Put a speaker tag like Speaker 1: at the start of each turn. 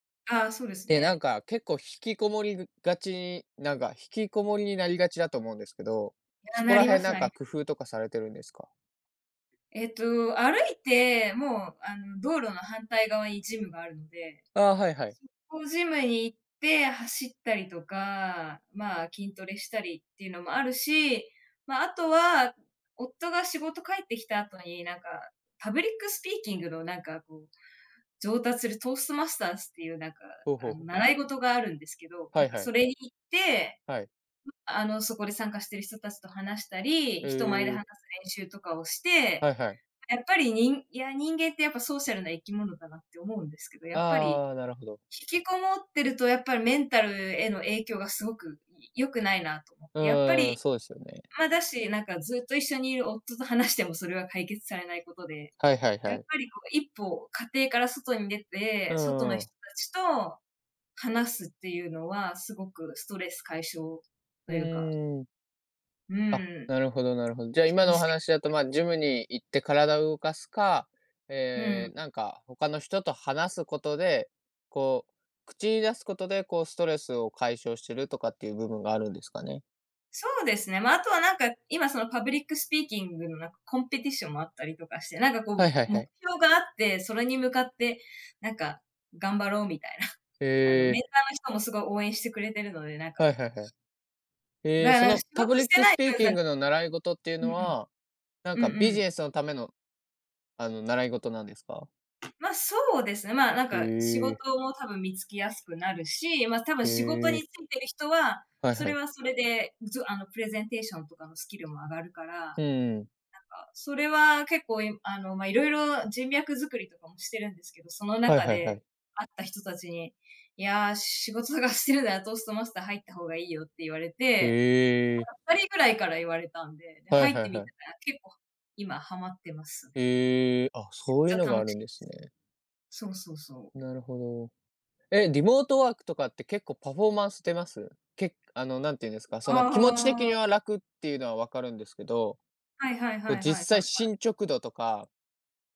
Speaker 1: ああ、そうです
Speaker 2: で、なん
Speaker 1: ね。
Speaker 2: か、結構引きこもりぐがち、なんか、引きこもりになりがちだと思うんですけど、
Speaker 1: いや、
Speaker 2: そこ
Speaker 1: な
Speaker 2: ら
Speaker 1: りま
Speaker 2: 辺
Speaker 1: す
Speaker 2: なん
Speaker 1: なり
Speaker 2: か
Speaker 1: ます。
Speaker 2: 工夫とかされてるんですか？
Speaker 1: えっと、歩いて、もうあの、道路の反対側にジムがあるので、
Speaker 2: ああ、はいはい。
Speaker 1: 速攻ジムに行って、走ったりとか、まあ、筋トレしたりっていうのもあるし、まあ、あとは、夫が仕事帰ってきた後に、なんか、パブリックスピーキングのなんかこう、上達するトーストマスターズって言うなんか、
Speaker 2: ほうほうほう。
Speaker 1: 習い事があるんですけど、
Speaker 2: は
Speaker 1: なん
Speaker 2: い
Speaker 1: か
Speaker 2: は
Speaker 1: そ
Speaker 2: い。
Speaker 1: れに行って、
Speaker 2: はい。
Speaker 1: あの、そこで参加している人たちと話したり、人前で
Speaker 2: え
Speaker 1: 話す
Speaker 2: え。
Speaker 1: 練習とかをして、
Speaker 2: はいはい。
Speaker 1: やっぱり、にんいや、人間って、やっぱソーシャルな生き物だなって思うんですけど、やっぱり、
Speaker 2: ああ、なるほど。
Speaker 1: 引きこもってると、やっぱりメンタルへの影響が凄く良くないなと思っ
Speaker 2: う
Speaker 1: て。やっぱり、
Speaker 2: ーん、そうですよね。
Speaker 1: まあ、だしなんかずっと一緒にいる夫と話しても、それは解決されない事で、
Speaker 2: はいはい
Speaker 1: や
Speaker 2: は
Speaker 1: っ
Speaker 2: い。
Speaker 1: ぱりこう、1歩、家庭から外に出
Speaker 2: う
Speaker 1: て、外の
Speaker 2: ー
Speaker 1: 人
Speaker 2: ん。
Speaker 1: たちと、話すって言うのは、凄くストレス解消と
Speaker 2: う
Speaker 1: 言うか
Speaker 2: ーん。
Speaker 1: う
Speaker 2: あ、
Speaker 1: ーん。
Speaker 2: なるほどなるほど。じゃあ、
Speaker 1: 気
Speaker 2: 今
Speaker 1: 持
Speaker 2: のお
Speaker 1: ち的に
Speaker 2: 話だと、
Speaker 1: も。
Speaker 2: ま、ジムに行って体を動かすか、
Speaker 1: うー
Speaker 2: え
Speaker 1: ん。
Speaker 2: え、なんか、他の人と話す事で、こう、口に出す事で、こう、ストレスを解消してるとかって言う部分があるんですかね。
Speaker 1: そうですね、まあ、あとはなんか今、そのパブリックスピーキングのなんか、コンペティションもあったりとかして、なんか
Speaker 2: は
Speaker 1: こう、
Speaker 2: いはいは
Speaker 1: 目
Speaker 2: い。
Speaker 1: 標があって、それに向かってなんか、頑張ろうみたいな。あのメ
Speaker 2: へえ。
Speaker 1: ンターの人も、凄い応援してくれているので、なんか
Speaker 2: はいはいはい。へえ、
Speaker 1: な
Speaker 2: そ
Speaker 1: な
Speaker 2: の
Speaker 1: 仕
Speaker 2: パ
Speaker 1: 事
Speaker 2: ブリ
Speaker 1: し
Speaker 2: ッ
Speaker 1: て
Speaker 2: ク
Speaker 1: な
Speaker 2: ス
Speaker 1: い
Speaker 2: ピーキン
Speaker 1: [unintelligible]
Speaker 2: グの習い事っていう
Speaker 1: うん
Speaker 2: の
Speaker 1: うん。
Speaker 2: は、なん
Speaker 1: う
Speaker 2: か
Speaker 1: ん
Speaker 2: ビ
Speaker 1: う
Speaker 2: ジ
Speaker 1: ん。
Speaker 2: ネスの為の、あの、習い事なんですか？
Speaker 1: まあ、そうですね、まあ、なん
Speaker 2: へ
Speaker 1: か仕事
Speaker 2: え。
Speaker 1: も多分見つけやすくなるし、まあ、多分
Speaker 2: へ
Speaker 1: 仕事
Speaker 2: え。
Speaker 1: についてる人は、
Speaker 2: はい
Speaker 1: そ
Speaker 2: は
Speaker 1: れ
Speaker 2: い。
Speaker 1: はそれで、つあのプレゼンテーションとかのスキルも上がるから、なん
Speaker 2: う
Speaker 1: か
Speaker 2: ーん。
Speaker 1: それは結構あの、まあ、色々人脈作りとかもしてるんですけど、その
Speaker 2: はい
Speaker 1: 中
Speaker 2: はいは
Speaker 1: で
Speaker 2: い。
Speaker 1: 会った人たちに、いや、仕事と探してるならトーストマスター入った方がいいよって言われて、
Speaker 2: へえ。
Speaker 1: なんか2人ぐらいから言われたんで、で
Speaker 2: はい
Speaker 1: 入っ
Speaker 2: は
Speaker 1: て
Speaker 2: いは
Speaker 1: みた
Speaker 2: い。
Speaker 1: ら結構、今はまってますね。
Speaker 2: へえ、あ、
Speaker 1: め
Speaker 2: そういう
Speaker 1: っち
Speaker 2: の
Speaker 1: ゃ
Speaker 2: があ
Speaker 1: 楽し
Speaker 2: る
Speaker 1: い
Speaker 2: ん
Speaker 1: で
Speaker 2: で
Speaker 1: す。
Speaker 2: すね。
Speaker 1: そうそうそう。
Speaker 2: なるほど、え、リモートワークとかって、結構パフォーマンス出ます？けあの、なんて言うんですか、その、気持ち的
Speaker 1: あ
Speaker 2: に
Speaker 1: あ。
Speaker 2: は楽っていうのは分かるんですけど。
Speaker 1: はいはいは
Speaker 2: こう、
Speaker 1: いはいは
Speaker 2: 実
Speaker 1: いは
Speaker 2: 際、
Speaker 1: い。
Speaker 2: 進捗度とか。